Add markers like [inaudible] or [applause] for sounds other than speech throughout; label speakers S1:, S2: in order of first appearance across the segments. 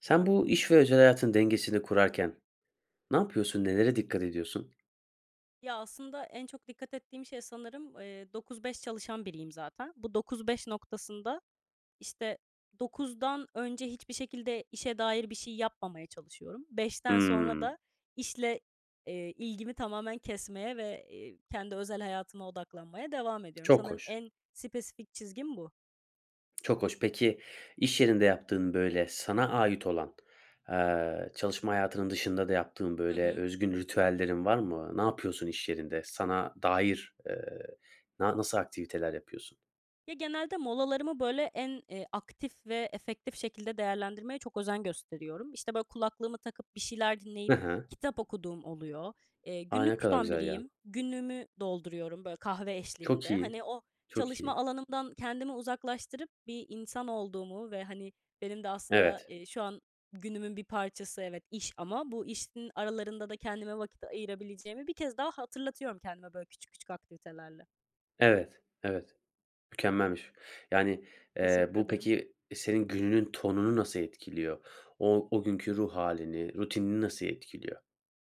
S1: Sen bu iş ve özel hayatın dengesini kurarken ne yapıyorsun, nelere dikkat ediyorsun?
S2: Ya, aslında en çok dikkat ettiğim şey sanırım, eee, 9-5 çalışan biriyim zaten. Bu 9-5 noktasında, işte, 9'dan önce hiçbir şekilde işe dair bir şey yapmamaya çalışıyorum. 5'ten sonra
S1: Hımm.
S2: da işle, eee, ilgimi tamamen kesmeye ve, eee, kendi özel hayatıma odaklanmaya devam ediyorum.
S1: Çok
S2: Sanırım
S1: hoş.
S2: en spesifik çizgim bu.
S1: Çok hoş. Peki, i̇ş yerinde yaptığın, böyle, sana ait olan, eee, çalışma hayatının dışında da yaptığın,
S2: Hı
S1: böyle,
S2: hı.
S1: özgün ritüellerin var mı? Ne yapıyorsun i̇ş yerinde? Sana dair, ııı, na nasıl aktiviteler yapıyorsun?
S2: Ya, genelde molalarımı, böyle, en, eee, aktif ve efektif şekilde değerlendirmeye çok özen gösteriyorum. İşte, böyle, kulaklığımı takıp bir şeyler
S1: Hı
S2: dinleyip
S1: hı.
S2: kitap okuduğum oluyor. Eee,
S1: A! Ne
S2: günlük
S1: kadar
S2: tutan
S1: güzel ya.
S2: biriyim. Günlüğümü dolduruyorum, böyle, kahve
S1: Çok
S2: eşliğinde.
S1: iyi,
S2: Hani, o
S1: çok
S2: çalışma
S1: iyi.
S2: alanımdan kendimi uzaklaştırıp bir insan olduğumu ve, hani, benim de aslında,
S1: Evet.
S2: eee, şu an günümün bir parçası, evet, iş ama bu işin aralarında da kendime vakit ayırabileceğimi bir kez daha hatırlatıyorum kendime, böyle, küçük küçük aktivitelerle.
S1: Evet, evet, mükemmelmiş, yani, eee,
S2: Teşekkür
S1: bu,
S2: ederim.
S1: peki, senin gününün tonunu nasıl etkiliyor? O o günkü ruh hâlini rutinini nasıl etkiliyor?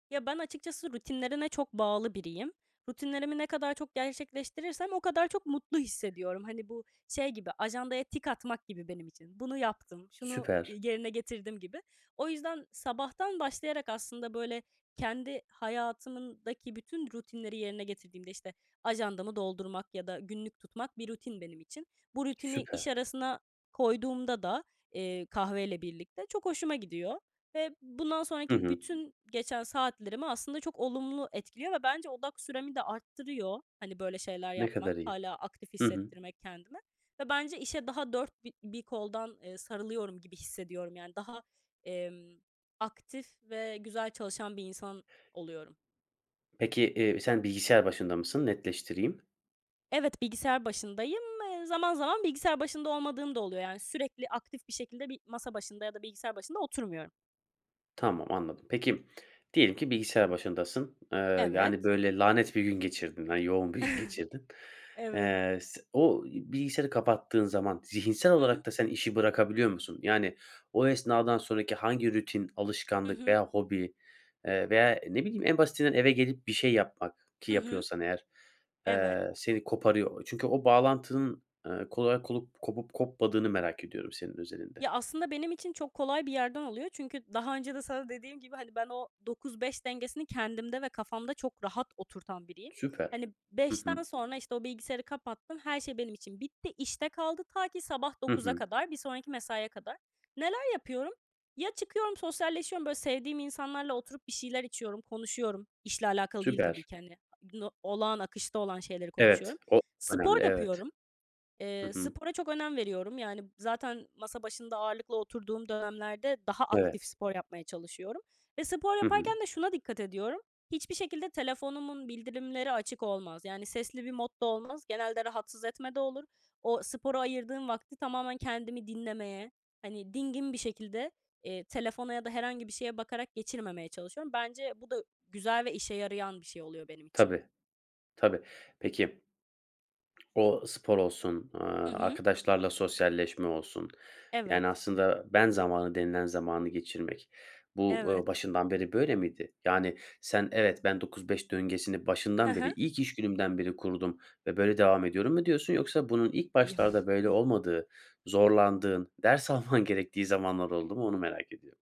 S2: Ya ben açıkçası rutinlerine çok bağlı biriyim. Rutinlerimi ne kadar çok gerçekleştirirsem o kadar çok mutlu hissediyorum. Hani bu şey gibi; ajandaya tik atmak gibi benim için: "Bunu yaptım, şunu,
S1: Süper.
S2: eee, yerine getirdim." gibi. O yüzden sabahtan başlayarak aslında böyle kendi hayatımdaki bütün rutinleri yerine getirdiğimde, işte, ajandamı doldurmak ya da günlük tutmak bir rutin benim için. Bu rutini iş
S1: Süper.
S2: arasına koyduğumda da, eee, kahveyle birlikte çok hoşuma gidiyor ve bundan
S1: Hı
S2: sonraki
S1: hı.
S2: bütün geçen saatlerimi aslında çok olumlu etkiliyor ve bence odak süremi de arttırıyor hani böyle şeyler
S1: Ne
S2: yapmak,
S1: kadar iyi?
S2: hâlâ aktif
S1: Hı hı.
S2: hissettirmek kendime. Ve bence işe daha 4 bi bir koldan, eee, sarılıyorum gibi hissediyorum. Yani daha, emm, aktif ve güzel çalışan bir insan oluyorum.
S1: Peki, eee, sen bilgisayar başında mısın? Netleştireyim.
S2: Evet, bilgisayar başındayım. E, zaman zaman bilgisayar başında olmadığım da oluyor. Yani sürekli aktif bir şekilde bir masa başında ya da bilgisayar başında oturmuyorum.
S1: Tamam, anladım. Peki, diyelim ki bilgisayar başındasın, eee,
S2: Evet.
S1: yani böyle lanet bir gün geçirdin, na yoğun bir gün
S2: [chuckles]
S1: geçirdin.
S2: Evet.
S1: Eee, s o, bilgisayarı kapattığın zaman zihinsel
S2: Hı hı.
S1: olarak da sen işi bırakabiliyor musun? Yani o esnadan sonraki hangi rutin
S2: Hı
S1: alışkanlık
S2: hı.
S1: veya hobi veya, eee, ne bileyim, en basitinden eve gelip bir şey yapmak ki
S2: Hı hı.
S1: yapıyorsan eğer,
S2: Evet.
S1: eee, seni koparıyor. O çünkü o bağlantının, eee, kolay kolup kopup kopmadığını merak ediyorum senin özelinde.
S2: Ya aslında benim için çok kolay bir yerden alıyor. Çünkü daha önce de sana dediğim gibi hani ben o 9-5 dengesini kendimde ve kafamda çok rahat oturtan biriyim.
S1: Süper.
S2: Hani
S1: Hı
S2: 5'ten
S1: hı.
S2: sonra işte o bilgisayarı kapattım. Her şey benim için bitti, işte kaldı. Ta ki sabah
S1: Hı
S2: 9'a
S1: hı.
S2: kadar, bir sonraki mesaiye kadar. Neler yapıyorum? Ya çıkıyorum sosyalleşiyorum böyle sevdiğim insanlarla oturup bir şeyler içiyorum, konuşuyorum. İşle alakalı değil, tabi
S1: Süper.
S2: ki, hani. Bunu olağan, akışta olan şeyleri konuşuyorum.
S1: Evet, o
S2: Spor
S1: önemli. Evet.
S2: yapıyorum.
S1: Hı
S2: Eee,
S1: hı.
S2: spora çok önem veriyorum. Yani zaten masa başında ağırlıklı oturduğum dönemlerde daha aktif
S1: Evet.
S2: spor yapmaya çalışıyorum ve spor
S1: Hı
S2: yaparken
S1: hı.
S2: de şuna dikkat ediyorum. Hiçbir şekilde telefonumun bildirimleri açık olmaz. Yani sesli bir modda olmaz. Genelde "rahatsız etme"de olur. O spora ayırdığım vakti tamamen kendimi dinlemeye, hani dingin bir şekilde, eee, telefona ya da herhangi bir şeye bakarak geçirmemeye çalışıyorum. Bence bu da güzel ve işe yarayan bir şey oluyor benim için.
S1: Tabii, tabii. Peki, o spor olsun, eee,
S2: Hı hı.
S1: arkadaşlarla sosyalleşme olsun,
S2: Evet.
S1: yani aslında "ben zamanı" denilen zamanı geçirmek bu,
S2: Evet.
S1: uuu, başından beri böyle miydi? Yani sen, "Evet, ben 9-5 döngesini
S2: Hı
S1: başından beri,
S2: hı.
S1: ilk iş günümden beri kurdum ve böyle devam ediyorum." mu diyorsun? Yoksa bunun ilk başlarda böyle
S2: [chuckles]
S1: olmadığı, zorlandığın, ders alman gerektiği zamanlar oldu mu, onu merak ediyorum.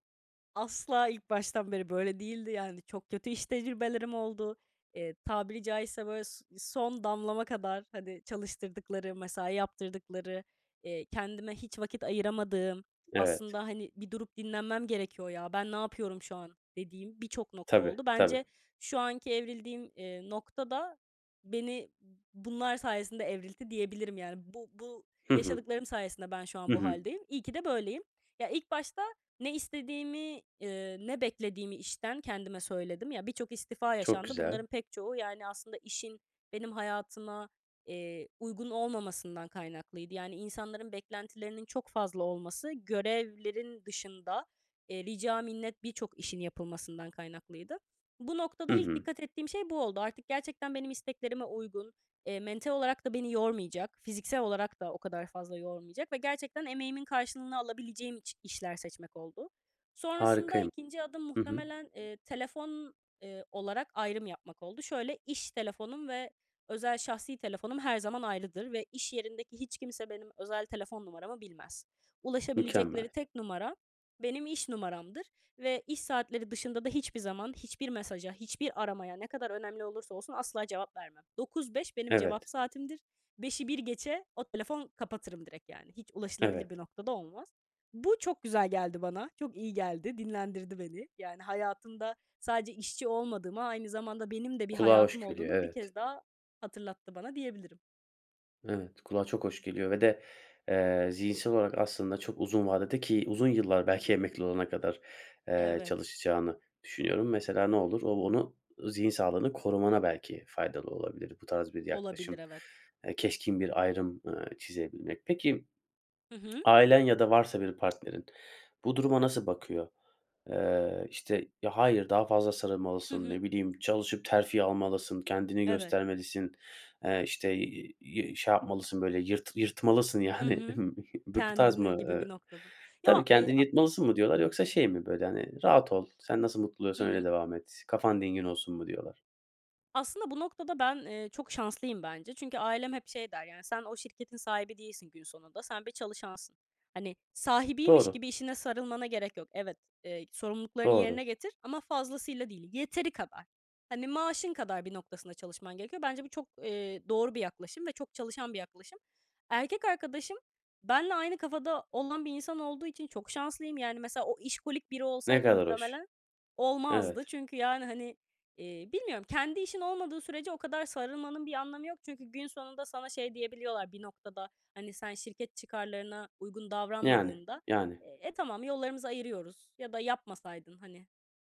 S2: Asla ilk baştan beri böyle değildi, yani. Çok kötü iş tecrübelerim oldu. Eee, tabiri caizse, böyle, s son damlama kadar, hani, çalıştırdıkları, mesai yaptırdıkları, eee, kendime hiç vakit ayıramadığım
S1: Evet.
S2: aslında, hani, "Bir durup dinlenmem gerekiyor ya, ben ne yapıyorum şu an?" dediğim birçok nokta
S1: Tabii,
S2: oldu.
S1: tabii.
S2: Bence şu anki evrildiğim, eee, noktada beni bunlar sayesinde evriltti, diyebilirim. Yani, bu bu
S1: Hı hı.
S2: yaşadıklarım sayesinde ben şu an
S1: Hı
S2: bu
S1: hı.
S2: hâldeyim. İyi ki de böyleyim. Ya, ilk başta ne istediğimi, eee, ne beklediğimi işten kendime söyledim. Ya, birçok istifa
S1: Çok
S2: yaşandı.
S1: güzel.
S2: Bunların pek çoğu, yani, aslında işin benim hayatıma, eee, uygun olmamasından kaynaklıydı. Yani, insanların beklentilerinin çok fazla olması, görevlerin dışında, eee, rica minnet birçok işin yapılmasından kaynaklıydı. Bu
S1: Hı
S2: noktada ilk
S1: hı.
S2: dikkat ettiğim şey bu oldu. Artık gerçekten benim isteklerime uygun, eee, mental olarak da beni yormayacak, fiziksel olarak da o kadar fazla yormayacak ve gerçekten emeğimin karşılığını alabileceğim iç işler seçmek oldu. Sonrasında
S1: Harikayım.
S2: 2. adım
S1: Hı hı.
S2: muhtemelen, eee, telefon, eee, olarak ayrım yapmak oldu. Şöyle, iş telefonum ve özel şahsi telefonum her zaman ayrıdır ve iş yerindeki hiç kimse benim özel telefon numaramı bilmez. Ulaşabilecekleri
S1: Mükemmel.
S2: tek numara benim iş numaramdır ve iş saatleri dışında da hiçbir zaman hiçbir mesaja, hiçbir aramaya, ne kadar önemli olursa olsun asla cevap vermem. 9-5 benim
S1: Evet.
S2: cevap saatimdir. 5'i 1 geçe o telefon kapatırım direkt yani. Hiç
S1: Evet.
S2: ulaşılabilir bir noktada olmaz. Bu çok güzel geldi bana. Çok iyi geldi, dinlendirdi beni. Yani, hayatımda sadece işçi olmadığımı, aynı zamanda benim de bir
S1: Kulağa
S2: hayatım
S1: hoş geliyor,
S2: olduğunu bir
S1: evet.
S2: kez daha hatırlattı bana, diyebilirim.
S1: Evet, kulağa çok hoş geliyor ve de, eee, zihinsel olarak aslında çok uzun vadede ki uzun yıllar, belki emekli olana kadar, eee,
S2: Evet.
S1: çalışacağını düşünüyorum. Mesela, ne olur, o onu zihin sağlığını korumana belki faydalı olabilir, bu tarz bir
S2: Olabilir,
S1: yaklaşım,
S2: evet.
S1: eee, keskin bir ayrım, ııı, çizebilmek. Peki,
S2: Hı hı.
S1: ailen ya da varsa bir partnerin, bu duruma nasıl bakıyor? Eee, işte, ya, hayır, daha fazla
S2: Hı
S1: sarılmalısın,
S2: hı.
S1: ne bileyim, çalışıp terfi almalısın, kendini
S2: Evet.
S1: göstermelisin, eee, işte, iii, şey yapmalısın, böyle, yırt yırtmalısın,
S2: Hı
S1: yani,
S2: hı.
S1: [giggles] bu bu tarz
S2: Kendini
S1: mı?
S2: gibi bir
S1: Eee,
S2: noktada. Ya.
S1: tabii,
S2: Eee,
S1: kendini
S2: a
S1: yırtmalısın mı diyorlar yoksa şey mi, böyle, hani, rahat ol, sen nasıl mutlu
S2: Hı
S1: oluyorsan öyle
S2: hı.
S1: devam et, kafan dingin olsun mu diyorlar?
S2: Aslında bu noktada ben, eee, çok şanslıyım bence. Çünkü ailem hep şey der yani, "Sen o şirketin sahibi değilsin gün sonunda, sen bir çalışansın. Hani, sahibiymiş
S1: Doğru.
S2: gibi işine sarılmana gerek yok. Evet, eee, sorumluluklarını
S1: Doğru.
S2: yerine getir ama fazlasıyla değil, yeteri kadar. Hani, maaşın kadar bir noktasında çalışman gerekiyor." Bence bu çok, eee, doğru bir yaklaşım ve çok çalışan bir yaklaşım. Erkek arkadaşım benle aynı kafada olan bir insan olduğu için çok şanslıyım. Yani, mesela, o işkolik biri
S1: Ne
S2: olsaydı
S1: kadar hoş.
S2: muhtemelen olmazdı.
S1: Evet.
S2: Çünkü yani hani, eee, bilmiyorum kendi işin olmadığı sürece o kadar sarılmanın bir anlamı yok. Çünkü gün sonunda sana şey diyebiliyorlar bir noktada, hani, sen şirket çıkarlarına uygun
S1: Yani.
S2: davranmadığında,
S1: Yani.
S2: "E, tamam, yollarımızı ayırıyoruz." ya da "Yapmasaydın, hani,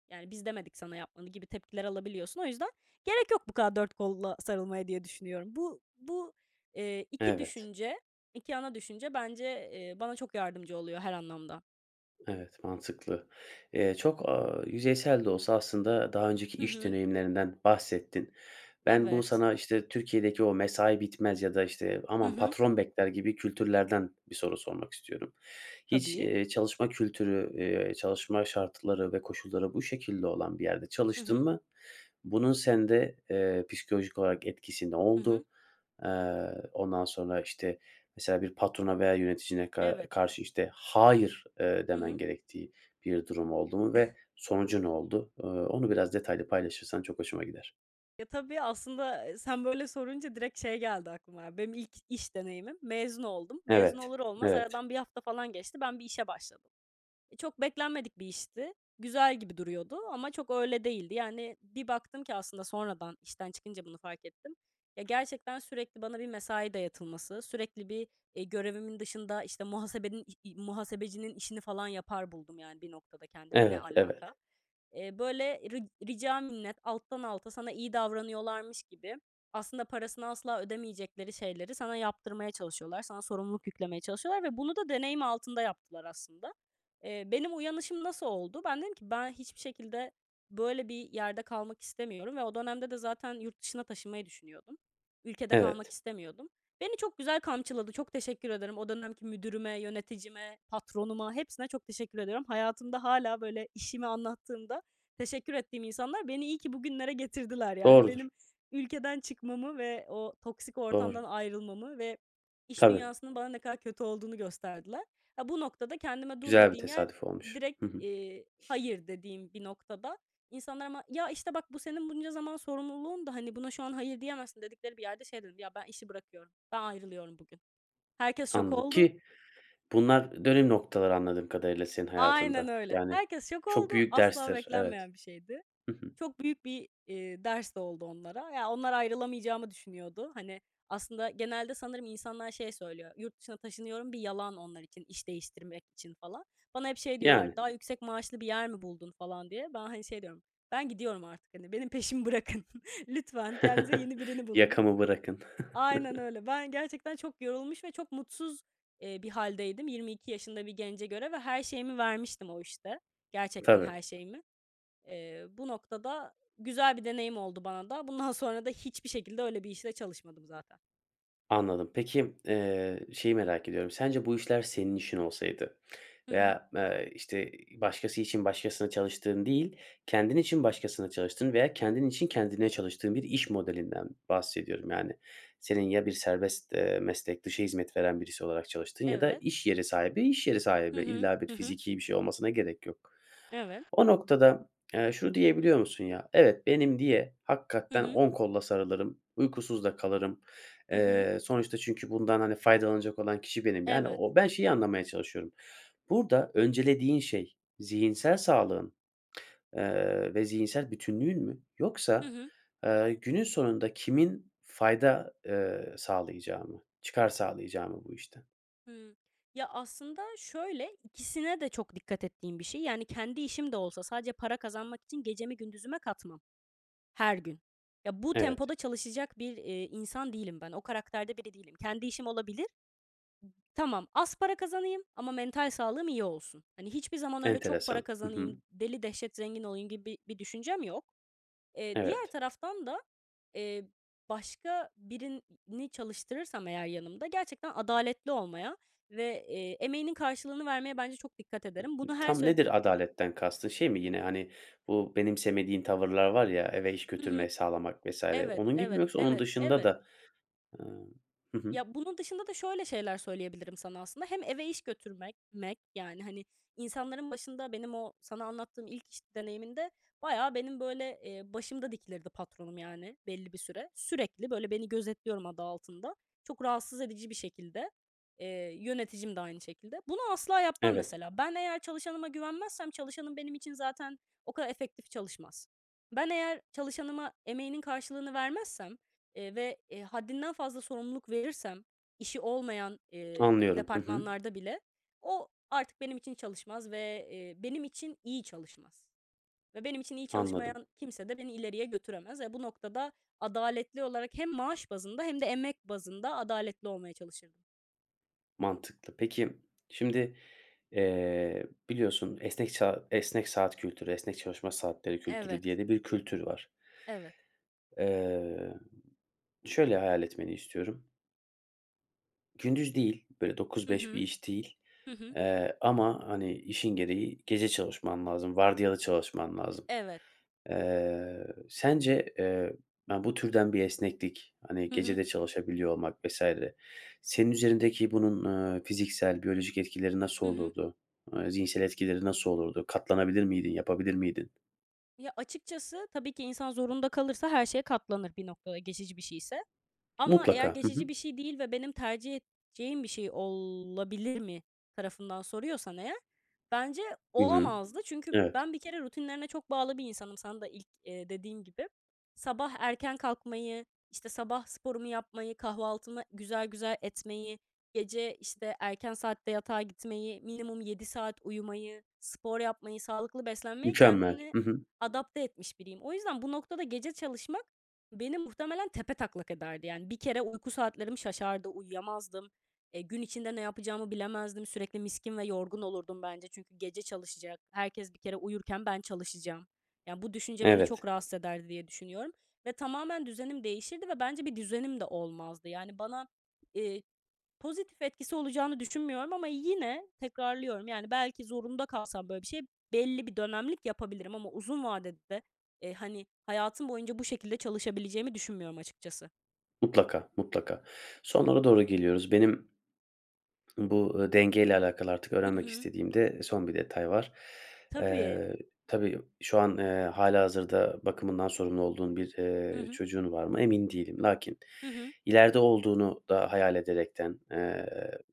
S2: yani biz demedik sana yapmanı." gibi tepkiler alabiliyorsun. O yüzden gerek yok bu kadar dört kolla sarılmaya diye düşünüyorum. Bu, bu, eee, 2
S1: Evet.
S2: düşünce, 2 ana düşünce bence, eee, bana çok yardımcı oluyor her anlamda.
S1: Evet, mantıklı. Eee, çok, aaa, yüzeysel de olsa aslında daha önceki
S2: Hı
S1: iş
S2: hı.
S1: deneyimlerinden bahsettin. Ben bu
S2: Evet.
S1: sana, işte, Türkiye'deki o mesai bitmez ya da, işte,
S2: Hı
S1: aman
S2: hı.
S1: patron bekler gibi kültürlerden bir soru sormak istiyorum. Hiç,
S2: Tabii.
S1: eee, çalışma kültürü, eee, çalışma şartları ve koşulları bu şekilde olan bir yerde
S2: Hı
S1: çalıştın
S2: hı.
S1: mı? Buna sende, eee, psikolojik olarak etkisi ne
S2: Hı hı.
S1: oldu? Eee, ondan sonra, işte, mesela bir patrona veya yöneticine ka
S2: Evet.
S1: karşı, işte, Hayır eee,
S2: Hı
S1: demen
S2: hı.
S1: gerektiği bir durum oldu mu ve
S2: [giggles]
S1: sonucu ne oldu? Iıı, onu biraz detaylı paylaşırsan çok hoşuma gider.
S2: Ya, tabii, aslında, ı sen böyle sorunca direkt şey geldi aklıma benim ilk iş deneyimim. Mezun oldum. Mezun
S1: Evet.
S2: olur olmaz
S1: Evet.
S2: aradan 1 hafta falan geçti, ben bir işe başladım. Çok beklenmedik bir işti. Güzel gibi duruyordu ama çok öyle değildi. Yani, bir baktım ki aslında sonradan işten çıkınca bunu fark ettim. Ya, gerçekten sürekli bana bir mesai dayatılması, sürekli bir, i görevimin dışında, işte, muhasebenin, ih i muhasebecinin işini falan yapar buldum, yani, bir noktada kendimi. Ne
S1: Evet.
S2: alaka?
S1: Evet.
S2: Eee, böyle, ri rica minnet alttan alta sana iyi davranıyorlarmış gibi aslında parasını asla ödemeyecekleri şeyleri sana yaptırmaya çalışıyorlar, sana sorumluluk yüklemeye çalışıyorlar ve bunu da deneyim altında yaptılar aslında. Eee, benim uyanışım nasıl oldu? Ben dedim ki: "Ben hiçbir şekilde böyle bir yerde kalmak istemiyorum." ve o dönemde de zaten yurt dışına taşınmayı düşünüyordum. Ülkede kalmak
S1: Evet.
S2: istemiyordum. Beni çok güzel kamçıladı. Çok teşekkür ederim. O dönemki müdürüme, yöneticime, patronuma hepsine çok teşekkür ediyorum. Hayatımda hâlâ, böyle, işimi anlattığımda teşekkür ettiğim insanlar beni iyi ki bugünlere getirdiler. Yani,
S1: Doğrudur.
S2: benim ülkeden çıkmamı ve o toksik ortamdan
S1: Doğru.
S2: ayrılmamı ve iş
S1: Tabii.
S2: dünyasının bana ne kadar kötü olduğunu gösterdiler. A, bu noktada kendime dur
S1: Güzel bir
S2: dediğim yer
S1: tesadüf olmuş.
S2: direkt,
S1: Hı hı.
S2: eee, "Hayır." dediğim bir noktada insanlar ama, ya, işte, bak: "Bu senin bunca zaman sorumluluğundu, hani buna şu an hayır diyemezsin." dedikleri bir yerde şey dedim: "Ya, ben işi bırakıyorum, ben ayrılıyorum bugün." Herkes şok
S1: Anladım
S2: oldu.
S1: ki bunlar dönüm noktaları, anladığım kadarıyla, senin
S2: Aynen
S1: hayatında.
S2: öyle.
S1: Yani,
S2: Herkes şok
S1: çok
S2: oldu,
S1: büyük
S2: asla
S1: derstir, evet.
S2: beklenmeyen bir şeydi.
S1: Hı hı.
S2: Çok büyük bir, eee, ders de oldu onlara. Ya, onlar ayrılamayacağımı düşünüyordu. Hani, aslında genelde sanırım insanlar şey söylüyor. "Yurt dışına taşınıyorum." bir yalan onlar için, iş değiştirmek için falan. Bana hep şey diyorlar,
S1: Yani.
S2: "Daha yüksek maaşlı bir yer mi buldun?" falan diye. Ben, hani, şey diyorum, "Ben gidiyorum artık, hani, benim peşimi bırakın. Lütfen kendinize
S1: [chuckles]
S2: yeni birini bulun."
S1: Yakamı bırakın.
S2: Aynen
S1: [chuckles]
S2: öyle. Ben gerçekten çok yorulmuş ve çok mutsuz, eee, bir hâldeydim, 22 yaşında bir gence göre ve her şeyimi vermiştim o işte, gerçekten
S1: Tabii.
S2: her şeyimi. Eee, bu noktada güzel bir deneyim oldu bana da. Bundan sonra da hiçbir şekilde öyle bir işte çalışmadım zaten.
S1: Anladım. Peki, eee, şeyi merak ediyorum. Sence bu işler senin işin olsaydı
S2: Hı hı.
S1: veya, eee, işte, ı başkası için başkasına çalıştığın değil, kendin için başkasına çalıştığın veya kendin için kendine çalıştığın bir iş modelinden bahsediyorum, yani. Senin, ya bir serbest, eee, meslek, dışa hizmet veren birisi olarak çalıştığın ya da
S2: Evet.
S1: iş yeri sahibi. İş yeri
S2: Hı
S1: sahibi
S2: hı.
S1: illa bir
S2: Hı hı.
S1: fizikî bir şey olmasına gerek yok.
S2: Evet.
S1: O noktada, eee, şunu diyebiliyor musun ya, evet, benim diye
S2: Hı
S1: hakikaten
S2: hı.
S1: 10 kolla sarılırım, uykusuz da kalırım.
S2: Hı hı.
S1: Eee, sonuçta çünkü bundan, hani, faydalanacak olan kişi benim. Yani,
S2: Evet.
S1: o ben şeyi anlamaya çalışıyorum. Burada öncelediğin şey zihinsel sağlığın, eee, ve zihinsel bütünlüğün mü
S2: Hı
S1: yoksa,
S2: hı.
S1: eee, günün sonunda kimin fayda, eee, sağlayacağı mı, çıkar sağlayacağı mı bu işten?
S2: Hımm. Ya, aslında, şöyle ikisine de çok dikkat ettiğim bir şey. Yani, kendi işim de olsa sadece para kazanmak için gecemi gündüzüme katmam her gün. Ya, bu
S1: Evet.
S2: tempoda çalışacak bir, eee, insan değilim ben, o karakterde biri değilim. Kendi işim olabilir. Tamam, az para kazanayım ama mental sağlığım iyi olsun. Hani, hiçbir zaman öyle, "Çok para
S1: Enteresan. Hı hı.
S2: kazanayım, deli dehşet zengin olayım." gibi bir bir düşüncem yok. Eee, diğer
S1: Evet.
S2: taraftan da, eee, başka birini çalıştırırsam eğer yanımda, gerçekten adaletli olmaya ve, eee, emeğinin karşılığını vermeye bence çok dikkat
S1: Hı
S2: ederim.
S1: ı,
S2: Bunu her
S1: tam
S2: söyle
S1: nedir adaletten kastın? Şey mi yine, hani, bu benimsemediğin tavırlar var ya, eve iş
S2: Hı hı.
S1: götürmeyi sağlamak vs.
S2: Evet,
S1: onun gibi mi
S2: evet,
S1: yoksa onun
S2: evet,
S1: dışında
S2: evet.
S1: da Hımm. Hı hı.
S2: Ya, bunun dışında da şöyle şeyler söyleyebilirim sana, aslında. Hem eve iş götürmek mek, yani, hani, insanların başında benim o sana anlattığım ilk iş deneyimimde bayağı benim, böyle, eee, başımda dikilirdi patronum yani belli bir süre. Sürekli, böyle, beni, "gözetliyorum" adı altında. Çok rahatsız edici bir şekilde. Eee, yöneticim de aynı şekilde. Bunu asla yapmam,
S1: Evet.
S2: mesela. Ben eğer çalışanıma güvenmezsem çalışanım benim için zaten o kadar efektif çalışmaz. Ben eğer çalışanıma emeğinin karşılığını vermezsem, eee, ve haddinden fazla sorumluluk verirsem işi olmayan, eee,
S1: Anlıyorum. Hı hı.
S2: departmanlarda bile, o artık benim için çalışmaz ve, eee, benim için iyi çalışmaz ve benim için iyi
S1: Anladım.
S2: çalışmayan kimse de beni ileriye götüremez ve bu noktada adaletli olarak hem maaş bazında hem de emek bazında adaletli olmaya çalışırdım.
S1: Mantıklı. Peki, şimdi, eee, biliyorsun esnek sa esnek saat kültürü, esnek çalışma saatleri kültürü
S2: Evet.
S1: diye de bir kültür var.
S2: Evet.
S1: Eee, şöyle hayal etmeni istiyorum. Gündüz değil, böyle dokuz
S2: Hı
S1: beş bir
S2: hı.
S1: iş değil,
S2: Hı hı.
S1: eee, ama hani, işin gereği gece çalışman lazım, vardiyalı çalışman lazım.
S2: Evet.
S1: Eee, sence, eee, ya, bu türden bir esneklik, hani,
S2: Hı
S1: gece
S2: hı.
S1: de çalışabiliyor olmak vs. senin üzerindeki bunun, eee, fiziksel, biyolojik etkileri nasıl
S2: Hı hı.
S1: olurdu? Eee, zihinsel etkileri nasıl olurdu? Katlanabilir miydin, yapabilir miydin?
S2: Ya, açıkçası, tabii ki insan zorunda kalırsa her şeye katlanır bir noktada geçici bir şeyse. Ama eğer
S1: Mutlaka. Hı hı.
S2: geçici bir şey değil ve benim tercih edeceğim bir şey olabilir mi tarafından soruyorsan eğer bence
S1: Hı hı,
S2: olamazdı. Çünkü
S1: evet.
S2: ben bir kere rutinlerine çok bağlı bir insanım sana da ilk, eee, dediğin gibi. Sabah erken kalkmayı, işte, sabah sporumu yapmayı, kahvaltımı güzel, güzel etmeyi, gece, işte, erken saatte yatağa gitmeyi, minimum 7 saat uyumayı, spor yapmayı, sağlıklı beslenmeyi
S1: Mükemmel.
S2: kendini
S1: Hı hı.
S2: adapte etmiş biriyim. O yüzden bu noktada gece çalışmak beni muhtemelen tepetaklak ederdi. Yani, bir kere uyku saatlerim şaşardı uyuyamazdım. Eee, gün içinde ne yapacağımı bilemezdim. Sürekli miskin ve yorgun olurdum bence. Çünkü gece çalışacak. Herkes bir kere uyurken ben çalışacağım. Yani, bu düşünce beni çok
S1: Evet.
S2: rahatsız ederdi diye düşünüyorum ve tamamen düzenim değişirdi ve bence bir düzenim de olmazdı. Yani, bana, eee, pozitif etkisi olacağını düşünmüyorum ama yine tekrarlıyorum. Yani, belki zorunda kalsam böyle bir şey belli bir dönemlik yapabilirim ama uzun vadede, eee, hani, hayatım boyunca bu şekilde çalışabileceğimi düşünmüyorum, açıkçası.
S1: Mutlaka, mutlaka. Sonlara doğru geliyoruz. Benim bu, eee, denge ile alakalı artık
S2: Hı
S1: öğrenmek
S2: hı.
S1: istediğim de son bir detay var.
S2: Tabii.
S1: Eee, tabii şu an, eee, hâlihazırda bakımından sorumlu olduğun bir,
S2: Hı
S1: eee,
S2: hı.
S1: çocuğun var mı, emin değilim. Lakin
S2: Hı hı.
S1: ileride olduğunu da hayal ederekten, eee,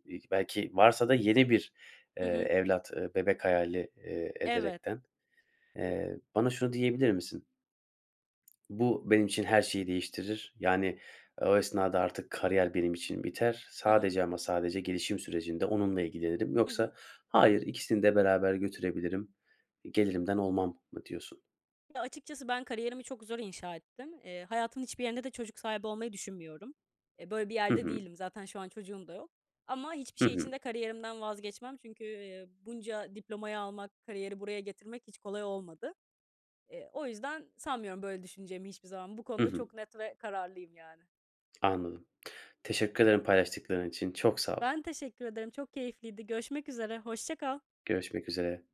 S1: i belki varsa da yeni bir, eee,
S2: Hı hı.
S1: evlat, bebek hayali, eee,
S2: Evet.
S1: ederekten, eee, bana şunu diyebilir misin? "Bu, benim için her şeyi değiştirir. Yani, o esnada artık kariyer benim için biter.
S2: Hı hı.
S1: Sadece ama sadece gelişim sürecinde onunla ilgilenirim."
S2: Hı hı.
S1: Yoksa "Hayır, ikisini de beraber götürebilirim, gelirimden olmam." mı diyorsun?
S2: Ya, açıkçası, ben kariyerimi çok zor inşa ettim. Eee, hayatımın hiçbir yerinde de çocuk sahibi olmayı düşünmüyorum. Eee, böyle bir
S1: Hı
S2: yerde
S1: hı.
S2: değilim, zaten şu an çocuğum da yok ama hiçbir
S1: Hı
S2: şey için
S1: hı.
S2: de kariyerimden vazgeçmem. Çünkü, eee, bunca diplomayı almak, kariyeri buraya getirmek hiç kolay olmadı. Eee, o yüzden sanmıyorum böyle düşüneceğimi hiçbir zaman. Bu
S1: Hı
S2: konuda
S1: hı.
S2: çok net ve kararlıyım, yani.
S1: Anladım. Teşekkür ederim paylaştıkların için. Çok sağol.
S2: Ben teşekkür ederim. Çok keyifliydi. Görüşmek üzere. Hoşça kal.
S1: Görüşmek üzere.